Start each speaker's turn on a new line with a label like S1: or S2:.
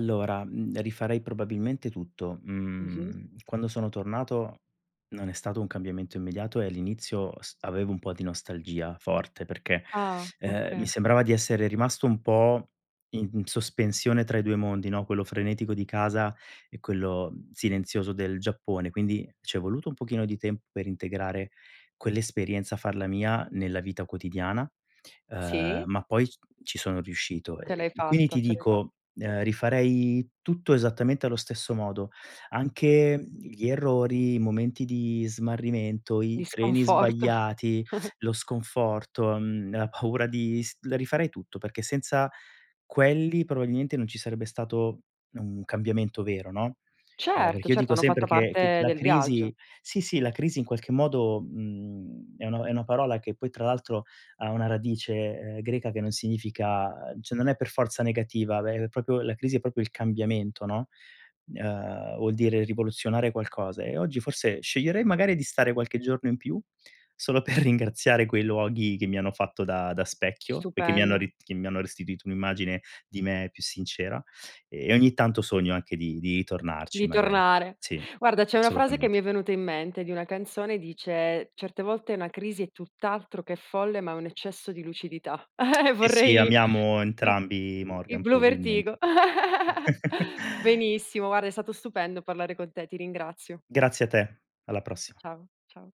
S1: Allora, mhmm, rifarei probabilmente tutto.
S2: Mh-mh.
S1: Mhmm, quando sono tornato, non è stato un cambiamento immediato e l'inizio s avevo un po' di nostalgia forte, perché,
S2: Ah,
S1: uhm, mi
S2: okay.
S1: sembrava di essere rimasto un po' i in sospensione tra i 2 mondi, no, quello frenetico di casa e quello, mhmm, silenzioso del Giappone. Quindi c'è voluto un pochino di tempo, per integrare quell'esperienza, farla mia nella vita quotidiana, uhm,
S2: Sì.
S1: ma poi ci sono riuscito.
S2: Ce
S1: Ehm,
S2: l'hai
S1: quindi
S2: fatta,
S1: ti
S2: ce l'hai fa
S1: dico, uhm, rifarei tutto esattamente allo stesso modo, anche, mhmm, gli errori, i momenti di smarrimento,
S2: Di
S1: i treni
S2: sconforto.
S1: sbagliati, lo sconforto, mhmm, la paura di s la rifarei tutto, perché senza quelli, probabilmente, non ci sarebbe stato un cambiamento vero, no? Ehm,
S2: Certo,
S1: perché io
S2: certo,
S1: dico
S2: hanno
S1: sempre,
S2: fatto
S1: che che
S2: parte
S1: la
S2: del viaggio.
S1: crisi sì, sì la crisi in qualche modo, mhmm, è uno è una parola che poi tra l'altro ha una radice, ehm, greca, che non significa cioè non è per forza negativa, ve è propri la crisi è proprio il cambiamento, no? Uhm, vuol dire rivoluzionare qualcosa e oggi, forse sceglierei magari di stare qualche giorno in più, solo per ringraziare quei luoghi, che mi hanno fatto da da specchio, e che mi hanno
S2: Stupendo.
S1: ri che mi hanno restituito un'immagine di me più sincera e ogni tanto sogno anche di di tornarci
S2: Di
S1: magari.
S2: tornare.
S1: Sì,
S2: Guarda, c'è 1 frase, che mi
S1: assolutamente.
S2: è venuta in mente di una canzone, dice: "Certe volte una crisi è tutt'altro che folle, ma è un eccesso di lucidità." Uhm,
S1: Sì, sì,
S2: vorrei c
S1: amiamo
S2: c uhm,
S1: entrambi
S2: i
S1: Morgan,
S2: Bluvertigo.
S1: probilmente
S2: Benissimo, guarda è stato stupendo parlare con te, ti ringrazio.
S1: Grazie a te, alla prossima.
S2: Ciao, ciao.